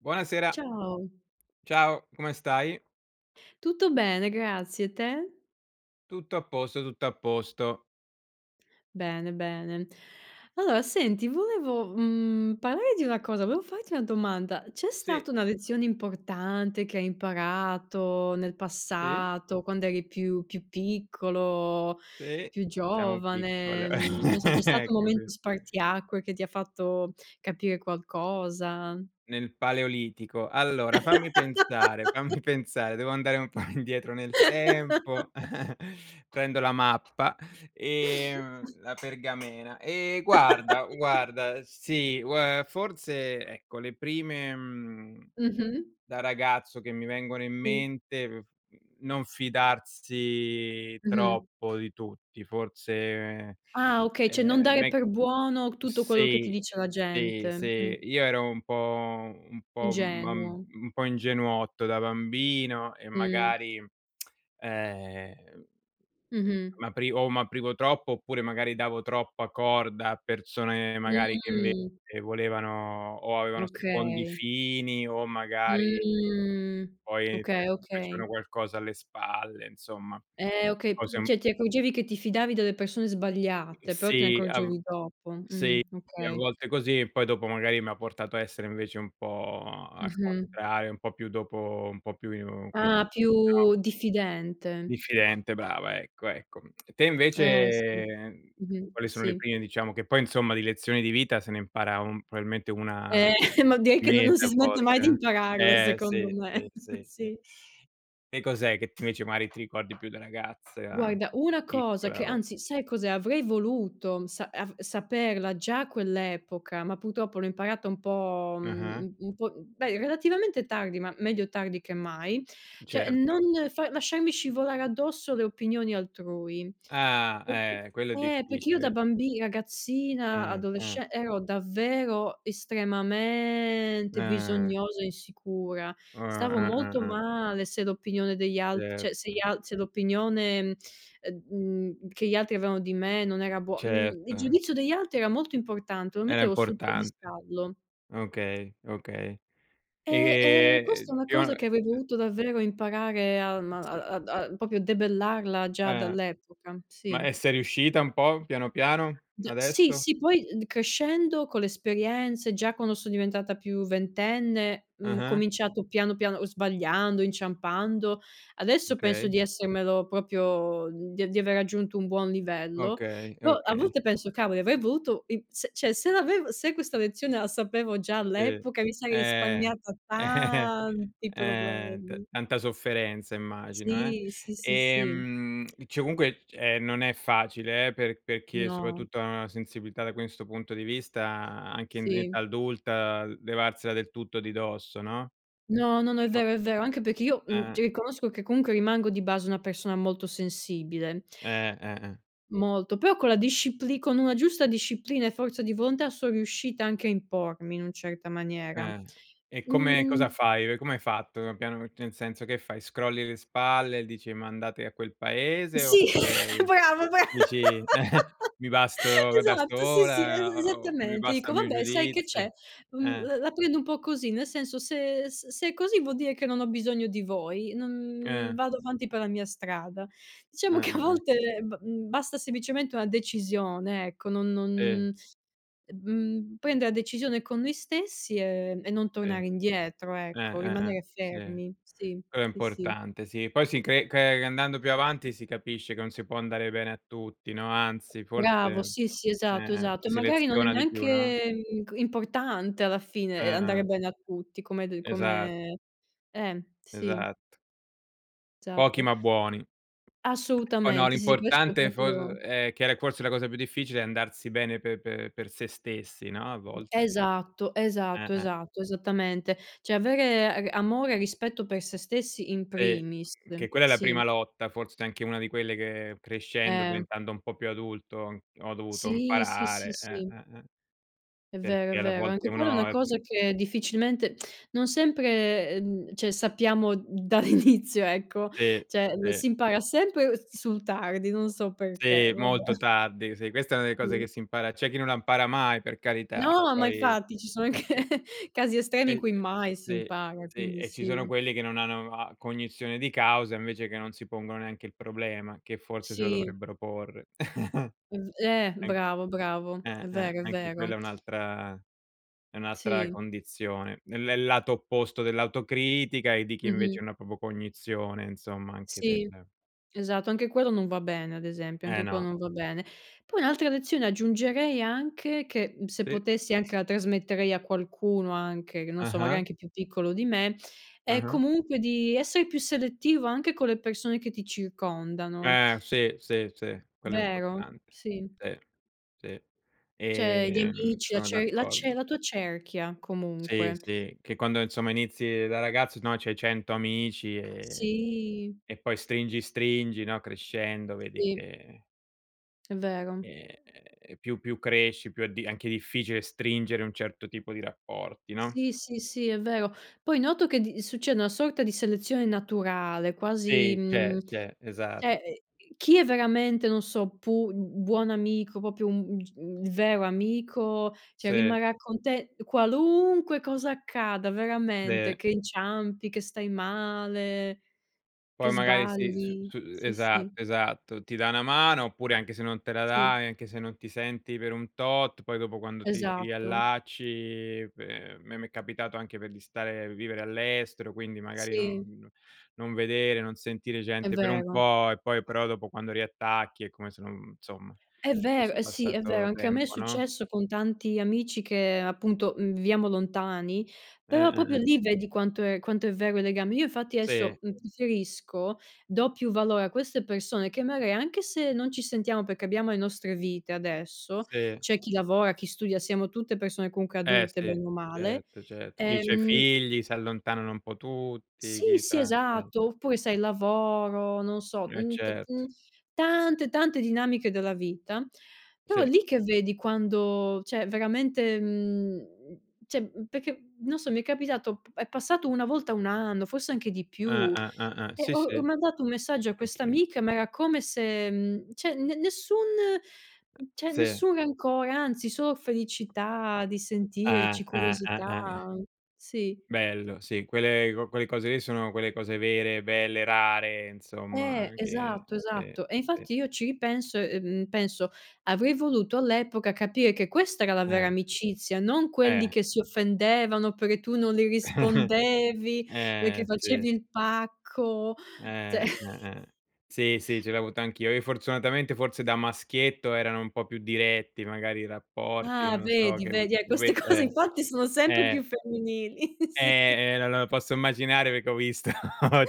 Buonasera. Ciao. Ciao, come stai? Tutto bene, grazie. E te? Tutto a posto, tutto a posto. Bene, bene. Allora, senti, volevo, mhmm, parlare di una cosa, volevo farti una domanda: c'è Sì. stata una lezione importante che hai imparato nel Sì? passato, quando eri più più piccolo, Sì, più siamo giovane, piccole n non so, c'è stato un ecco sì. momento spartiacque che ti ha fatto capire qualcosa? Nel Paleolitico. Allora, fammi pensare, fammi pensare, devo andare un po' indietro nel tempo, prendo la mappa ehm, la pergamena. Ehm, guarda, guarda: sì, ue forse, ecco, le prime, mhmm, Mh-mh. da ragazzo, che mi vengono in I. mente: mhmm, non fidarsi Mh-mh. troppo di tutti. Forse, Ah, okay. Cioè, non ehm, dare me per buono tutto quello che ti sì, dice la sì, gente, sì. mh. Io ero un po' un po' un bam Ingenuo. un po' ingenuotto da bambino e, Mh. magari, ehm Mh-mh. m'apri o m'aprivo troppo oppure magari davo troppa corda a persone, magari, che, invece, Mh. volevano o avevano secondi Okay. fini o, magari, Mh. poi, ti Okay, okay. facevano qualcosa alle spalle, insomma. Eh, okay, Cose p un cioè, ti accorgevi che ti fidavi delle persone Mhmm, sbagliate, però te ne sì, a v accorgevi dopo. Mh, sì, a okay. volte così e poi dopo, magari, mi ha portato a essere, invece, un po' al Mh-mh. contrario, un po' più dopo un po' più, come si Ah, dice, no più diffidente. diffidente. Brava, ecco, ecco. Te, Eh, invece, sì. mhmm, Mh-mh, quali sono le sì. prime, diciamo che poi, insomma, di lezioni di vita se ne impara un probabilmente una al Eh, ma direi che no non mese si a smette mai di volte, impararlo, eh! Eh, secondo sì, me, sì, sì, sì. sì. Che cos'è che, invece, magari, ti ricordi più da ragazza, da Guarda, una cosa che piccola o anzi, sai cos'è? Avrei voluto sa av saperla già a quell'epoca, ma purtroppo l'ho imparata un po', mhmm, Ah-ah. un un po' beh, relativamente tardi, ma meglio tardi che mai. Cioè non Certo. fa lasciarmi scivolare addosso le opinioni altrui. Ah, eh! Quello è Eh, perché io da difficile. bambi ragazzina Mh-mh. adolesce ero davvero estremamente Eh. bisognosa e insicura. U Stavo eh, eh, molto eh. male se l'opinione degli alt Cer cioè se gli al se l'opinione, ehm, mhmm, che gli altri avevano di me, non era buo mhmm, il Certo. giudizio degli altri era molto importante, lo Era mettevo sul importante. piedistallo. Okay, okay. Eh, ehm, Ehm, questa è uhm, una cosa pion che avrei dovuto davvero imparare alm a Sì. a da proprio a debellarla già Eh! dall'epoca, Ma sì. è sei riuscita un po' piano, piano, Da sì, adesso? sì. Poi, mhmm, crescendo, con le esperienze, già quando so diventata più ventenne, mhmm, ho Ah-ah. cominciato piano, piano, uhm, sbagliando, inciampando. Adesso penso Okay. di essermelo proprio di di aver raggiunto un buon livello. Okay, Però, a okay. volte penso: "Cavoli, avrei voluto i se, cioè, se l'avev se questa lezione la sapevo già E. all'epoca, mi sarei Eh! risparmiata Eh. tanti Eh, t problemi". tanta sofferenza, immagino, eh! Sì, sì, sì, sì. Ehm, cioè, comunque, ehm, non è facile eh, per per chi è No. soprattutto ha una sensibilità, da questo punto di vista, anche in in Sì. età adulta, l levarsela del tutto di dosso, no? No, no, no, è Ma vero, è vero. Anche perché io, mhmm, Eh. cioè, riconosco che comunque rimango di base una persona molto sensibile. Eh. Eh-eh. Molto, però con la discipli con una giusta disciplina e forza di volontà, son riuscita anche a impormi in un certa maniera. Eh. E come cosa Mhmm fai, ehm, come hai fatto? Piano nel senso che fai? Scrolli le spalle e dici: "Ma andate a quel paese!" Sì, oppure, bravo, bra dici: "Mi basto da Esatto, sì, sì, e sola" o "mi esattamente. basta Dico: il mio "Vabbè, sai che c'è? giudizio", Mhmm, eh. l la prendo un po' così. Nel senso, se s se è così, vuol dire che non ho bisogno di voi. Non Eh. vado avanti per la mia strada". Eh, Diciamo che a eh, eh. volte b basta semplicemente una decisione, ecco, non Sì. non mhmm, prendere la decisione con noi stessi, ehm, e non Sì. Eh, tornare indietro ecco, eh, eh. rimanere Sì, fermi. Sì, quello è sì, sì. importante, sì. Poi, si cre cre andando più avanti, si capisce che non si può andare bene a tutti, no, anzi, forse Bravo. eh, Sì, sì, esatto, eh, esatto. si E magari non è seleziona di più, no? neanche inc importante alla fine, Eh, ehm, andare eh. bene a tutti, come hai de Esa come eh, sì. Esatto. Pochi Esatto. ma buoni. Oh no, Assolutamente sì, questo è l'importante è fo proprio è che era forse la cosa più difficile è andarsi bene pe pe per se stessi, no, a volte. Esatto. Eh, Esatto. eh. Esatto. Esattamente. Cioè, avere a amore e rispetto per se stessi in Sì, primis, che quella è la sì. prima lotta, forse anche una di quelle che crescendo, Eh. diventando un po' più adulto, ho dovuto Sì, sì, sì, imparare, eh, sì. eh, eh. È vero, è Perché alle vero, volte anche quella è una uno è c cosa che difficilmente non sempre, uhm, cioè sappiamo dall' inizio, ecco, Sì, cioè o sì. si impara sempre s sul tardi, non so Sì, perché, vabbè. molto tardi. Sì, questa è una de cose che Sì. si impara c'è chi non la impara mai, per carità, No, ma poi infatti ci sono anche sì. casi estremi in E cui mai si sì, impara, sì, quindi e ci sono sì. quelli che non hanno a cognizione di causa invece che non si pongono neanche il problema, che forse se lo Sì. dovrebbero porre. È v eh An bravo, bravo. È eh, eh, vero, è anche quella è vero. un'altra è un'altra Sì. condizione nel nel lato opposto dell'autocritica e di chi invece Mh-mh. non ha proprio cognizione, insomma anche del Sì, esatto, anche quello non va bene, ad esempio, Eh, anche quello no. non va bene. Poi un'altra lezione aggiungerei anche che, se E potessi anche la trasmetterei a qualcuno anche che non so, magari Ah-ah. anche più piccolo di me, è Ah-ah. comunque di essere più selettivo anche con le persone che ti circondano. Eh, sì, sì, sì, quello è Vero? importante. Sì. Sì, sì, Cioè gli ehm, amici, la sono ce la cer d'accordo. la tua cerchia, Sì, comunque. sì, che quando insomma inizi da ragazzo no, c'hai 100 amici e Sì. e poi stringi stringi, no, crescendo, vedi Sì. che È vero. Ehm, più più cresci, più è di anche difficile stringere un certo tipo di rapporti, no? Sì, sì, sì, è vero. Poi noto che di succede una sorta di selezione naturale, quasi, Sì, c'è, mhmm, c'è, esatto. cioè chi è veramente, non so, pu buon amico, proprio un un g un vero amico, cioè, Sì. rimarrà con te, qualunque cosa accada, veramente, Le che inciampi, che stai male, che Poi magari si s sbagli, s sì, sì. esatto, esatto, ti dà una mano, oppure anche se non te la Sì. da e anche se non ti senti per un tot, poi dopo quando ti ti Esatto. riallacci pe a me m'è capitato anche per di stare, vivere all'estero, quindi magari Sì. non non vedere, non sentire È gente per un vero. po' e poi però dopo quando riattacchi è come se non insomma, È fosse vero, sì, è vero, passato anche a me è tempo, no? successo con tanti amici che appunto viviamo lontani, Eh, però eh, proprio eh. lì vedi quanto è quanto è vero il legame. Io infatti Sì. adesso uhm, preferisco, do più valore a queste persone che magari, anche se non ci sentiamo, perché abbiamo le nostre vite adesso, Sì. c'è chi lavora, chi studia, siamo tutte persone comunque Eh, adulte, sì, bene o male, certo, certo. Chi c'ha i ehm figli, si allontanano un po' tutti, Sì, chi sì, c'ha esatto, [unintelligible] oppure sai lavoro, non so, Eh, uhm, t certo. uhm, tante, tante dinamiche della vita. Però Sì. è lì che vedi quando cioè veramente, mhmm, cioè perché non so, mi è capitato, è passato una volta 1 anno, forse anche di Eh, più, eh, eh, eh. e Sì, ho ho sì. mandato un messaggio a questa Anch'io. amica ma era come se uhm, cioè ne nessun cioè Sì. nessun rancore, anzi solo felicità di Ah, sentirci, ah, ah, curiosità ah, ah. sì. Bello, sì, quelle co quelle cose lì sono quelle cose vere, belle, rare, insomma Eh, anche esatto, sì, esatto. E sì. infatti io ci ripenso, ehm, penso, avrei voluto all'epoca capire che questa era la vera Eh. amicizia, non quelli Eh. che si offendevano perché tu non li rispondevi, perché Eh, sì. facevi il pacco, Eh, cioè eh, eh. Sì, sì, ce l'ho avuto anch'io, io fortunatamente forse da maschietto erano un po' più diretti, magari i rapporti, Ah, non so vedi? che uhm, Vedi, eh lo queste ve cose eh, infatti sono sempre più eh. femminili, sì. Eh, eh no lo posso immaginare perché ho visto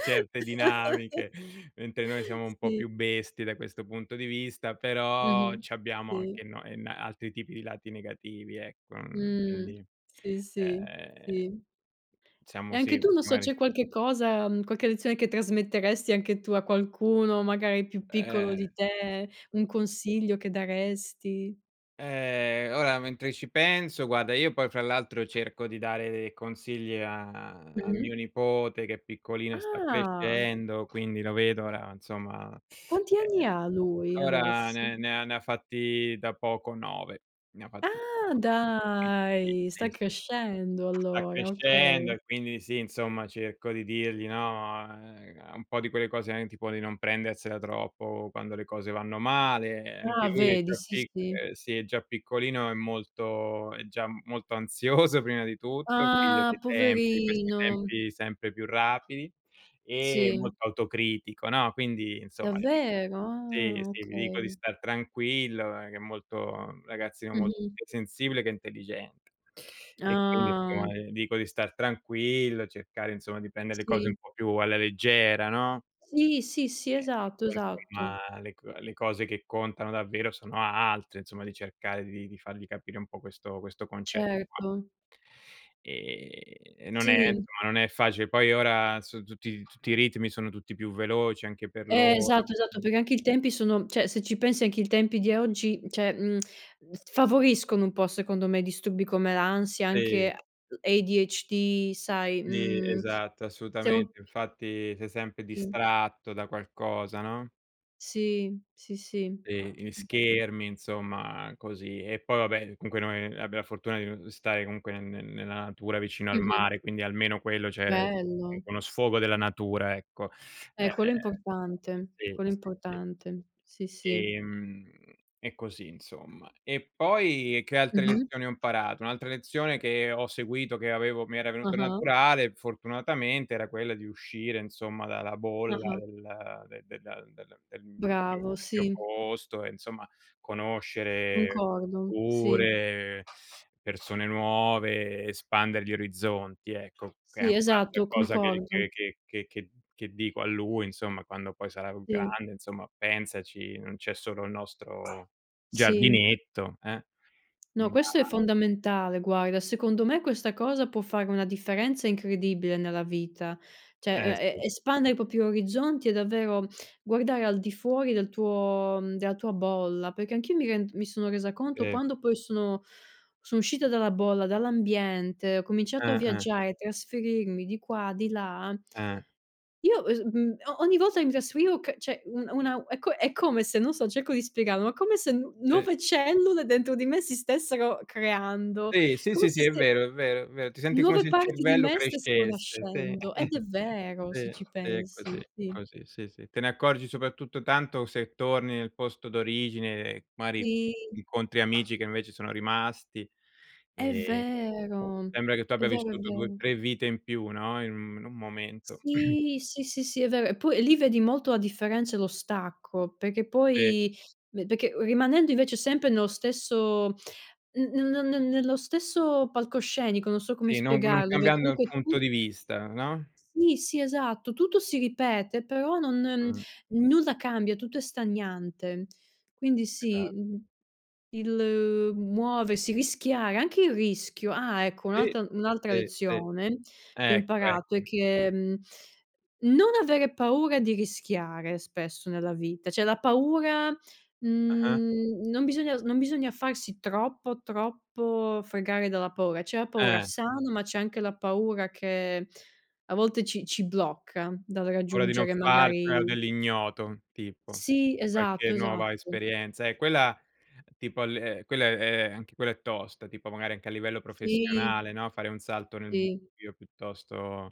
certe dinamiche, mentre noi siamo un po' Sì. più bestie da questo punto di vista, però Mh-mh, c'abbiamo sì. anche no en altri tipi di lati negativi ecco, uhm, Mh, quindi, sì, sì, ehm sì. diciamo E anche sì, tu, non so, c'è magari qualche cosa, uhm, qualche lezione che trasmetteresti anche tu a qualcuno, magari più piccolo Eh di te, un mh consiglio che daresti? Eh, ora, mentre ci penso guarda, io poi fra l'altro cerco di dare dei consigli a a Mh-mh. mio nipote che è piccolino e sta Ah. crescendo, quindi lo vedo ora, insomma, Quanti ehm, anni ha lui ora adesso? ne ne ha ne ha fatti da poco 9, ne ha fatti Ah, [unintelligible] quindi sì, dai, sì, sta sì. crescendo Sta allora, crescendo okay. e quindi sì, insomma, cerco di dirgli, no, uhm, un po' di quelle cose, anche tipo di non prendersela troppo quando le cose vanno male, anche Ah, lui è il vedi più sì, pic sì. uhm, sì è già piccolino, è molto è già molto ansioso prima di tutto, figlio Ah, dei tempi, di questi poverino. tempi sempre più rapidi, e Sì. molto autocritico, no? Quindi insomma, ti dico Davvero? sì, Ah, sì, gli dico di okay. star tranquillo, che è molto ragazzino molto Mh-mh. più sensibile che intelligente, e quindi Ah. [unintelligible] dico di star tranquillo, cercare insomma di prendere le cose un Sì. po' più alla leggera, no? Sì, sì, sì, Eh, che esatto poi esatto. insomma le co le cose che contano davvero sono altre, insomma di cercare di di fargli capire un po' questo questo concetto qua. Certo. Ehm, non è insomma Sì. non è facile, poi ora so tutti tutti i ritmi sono tutti più veloci anche per Eh loro esatto, esatto, [unintelligible] perché anche i tempi sono cioè, se ci pensi anche i tempi di oggi, cioè, uhm, mhmm, favoriscono un po', secondo me disturbi come l'ansia, Sì. anche ADHD sai, Sì, uhm, esatto. siamo [unintelligible] Assolutamente. Infatti sei sempre Sì. distratto da qualcosa, no? Sì, sì, sì. E gli [unintelligible] schermi, insomma, così. E poi, vabbè, comunque, noi abbiamo la fortuna di n stare comunque ne ne nella natura vicino al Mh-mh. mare, quindi almeno quello, cioè, è Bello. uno sfogo della natura ecco. Eh, Ehm, quello è è importante, sì, quello è sì. importante, sì, sì. Ehm, e così, insomma. E poi che altre Mh-mh. lezioni ho imparato? Un'altra lezione che ho seguito, che avevo mi era venuta Ah-ah. naturale, fortunatamente, era quella di uscire, insomma, dalla bolla, Ah-ah. del de del del del del Bravo, mio sì. posto e, insomma, conoscere Concordo, sì. pure persone nuove, espandere gli orizzonti, ecco, che è Sì, anche un'altra esatto, cosa, che concordo. che che che che che dico a lui insomma, quando poi sarà Sì. grande: "Insomma, pensaci, non c'è solo il nostro Sì. giardinetto, eh". No, Ma questo è fondamentale, guarda, secondo me, questa cosa può fare una differenza incredibile nella vita, cioè Eh, e sì. e espandere i propri orizzonti ec, davvero, guardare al di fuori del tuo della tua bolla. Perché anch'io mi rend mi sono resa conto E. quando poi sono sono uscita dalla bolla, dall'ambiente, ho cominciato a Eh, eh. viaggiare, trasferirmi di qua, di là Eh. io, uhm, s mhmm, ogni volta che mi trasferivo c cioè un una è co è come se non so, cerco di spiegarlo: ma come se n Sì. nuove cellule, dentro di me, si stessero creando, Sì, sì, come sì, se sì, è ste vero, è vero, è ve ti senti come Nuove se il parti di cervello me stessero crescesse, sì, nascendo ed è vero, se sì, ci sì, è pensi, così, sì. così, sì, sì. Te ne accorgi, soprattutto, tanto, se torni nel posto d'origine, mari, Sì. incontri amici che, invece, sono rimasti È e, ehm, vero! sembra che tu È abbia vero, è vissuto 2 o vero. 3 e vite in più, no, in un in un momento. Sì! Sì, sì, sì, è vero. Poi, lì, vedi molto la differenza e lo stacco perché E. poi perché rimanendo, invece, sempre nello stesso n n ne ne nello stesso palcoscenico, non so come Sì, non non spiegarlo, perché cambiando, il comunque punto tu di vista, no? Sì, sì, esatto, tutto si ripete, però non Mh. nulla cambia, tutto è stagnante. Quindi Esa sì, mhmm, il muoversi, rischiare anche il rischio ah, ecco, Sì, un'altra un'altra sì, sì. lezione che ho Ecco, imparato è ecco. che mhmm, non avere paura di rischiare spesso nella vita, cioè la paura, Ah-ah. mhmm, non bisogna non bisogna farsi troppo, troppo fregare dalla paura, c'è la paura Eh. sana, ma c'è anche la paura che, a volte, ci ci blocca dal Paura di non raggiungere farcela o magari dell'ignoto, tipo, Sì, qualche esatto, nuova esatto. esperienza, eh, quella, tipo l quella è è anche quella è tosta, tipo, magari anche a livello Sì. professionale, no, fare un salto nel I. buio, piuttosto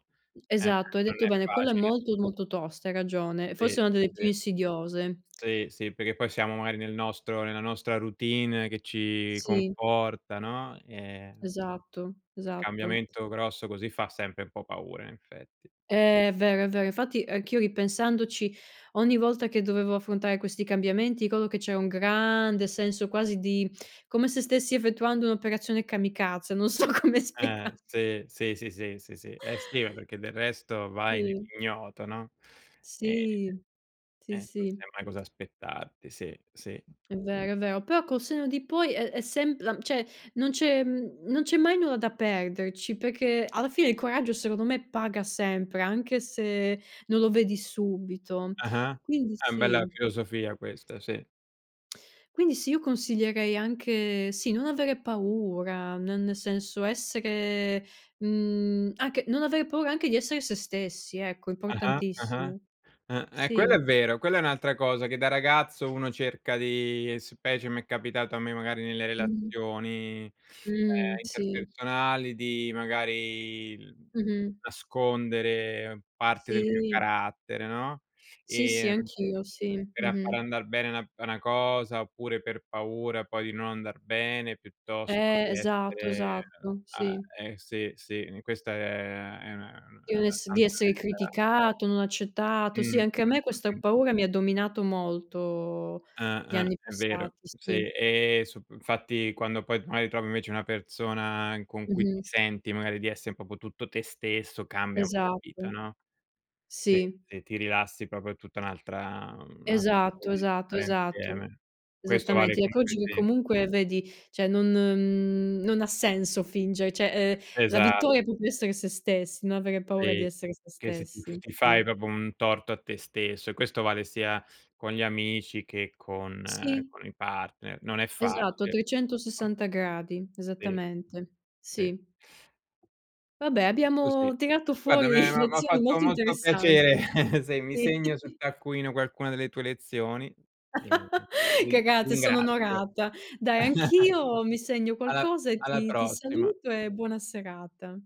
eh Esatto, hai non detto è bene, quella è facile. molto, molto tosta, hai ragione, forse Sì, è una delle più sì. insidiose. Sì, sì, perché poi siamo magari nel nostro nella nostra routine che ci Sì. conforta, no? Ehm, Esatto, Il esatto. cambiamento grosso così fa sempre un po' paura, in effetti. È vero, è vero, infatti anch'io, ripensandoci, ogni volta che dovevo affrontare questi cambiamenti, ricordo che c'era un grande senso, quasi, di come se stessi effettuando un'operazione kamikaze, non so come Eh, spiega sì, sì, sì, sì, sì, sì, eh sì, perché del resto vai Sì. nell'ignoto, no? Ehm, Sì, sì, eh, non sì. sai mai cosa aspettarti, sì, sì. È vero, è vero, però, col senno di poi, è è sem la cioè non c'è non c'è mai nulla da perderci, perchéc, alla fine, il coraggio secondo me paga sempre, anche se non lo vedi subito. Ah-ah? Quindi Eh, bella sì. filosofia questa, sì. Quindi sì, io consiglierei anche sì, non avere paura n nel senso essere, uhm, anche non avere paura anche di essere se stessi ecco, è Ah-ah. Ah-ah, importantissimo, uhm, ehm, quello sì. è vero, quella è un'altra cosa che da ragazzo uno cerca di specie m'è capitato a me, magari nelle Mh-mh. relazioni, ehm, Mh, sì. interpersonali di magari, uhm, Mh-mh. nascondere parte del mio Sì. carattere, no? Sì, sì, Ehm, anch'io. Sì. per a Mh-mh. far andar bene na una cosa oppure per paura poi di non andar bene piuttosto Eh, che esatto, essere esatto, a sì. eh, sì, sì, n questa è è una una Di è non una ess di santa essere verità. criticato, non Mh, accettato, sì mh, anche a me questa mh, mh. paura mi ha dominato molto, Ah, gli ah anni è vero. passati, sì. Sì, ehm, sup infatti quando poi magari trovi invece una persona in con cui ti Mh-mh. senti magari di essere proprio tutto te stesso, cambia un po' la Esatto. vita, no? Sì, Sì. ti ti rilassi proprio tutta è un'altra, uhm, [unintelligible] modo Esatto, di esatto, stare esatto. insieme. Questo vale, Esattamente, ecco, comunque oggi che sì comunque vedi cioè non uhm, non ha senso fingere, cioè, uhm, la Esa vittoria è proprio essere se stessi, no avere paura di Sì. essere se Che s ti f stessi, ti fai sì. proprio un torto a te stesso e questo vale sia con gli amici che con Sì. con i partner, non è Esatto a facile. [unintelligible] 360 gradi. Sì. Esattamente, Sì. sì. Vabbè, È così. abbiamo tirato Guarda, fuori me m'ha m'ha lezioni fatto molto molto piacere interessanti. se mi Sì. segno sul taccuino qualcuna delle tue lezioni e ti ti Cagate, sono ringrazio. onorata. Dai, anch'io mi segno Alla qualcosa e alla ti ti prossima. saluto e buona serata.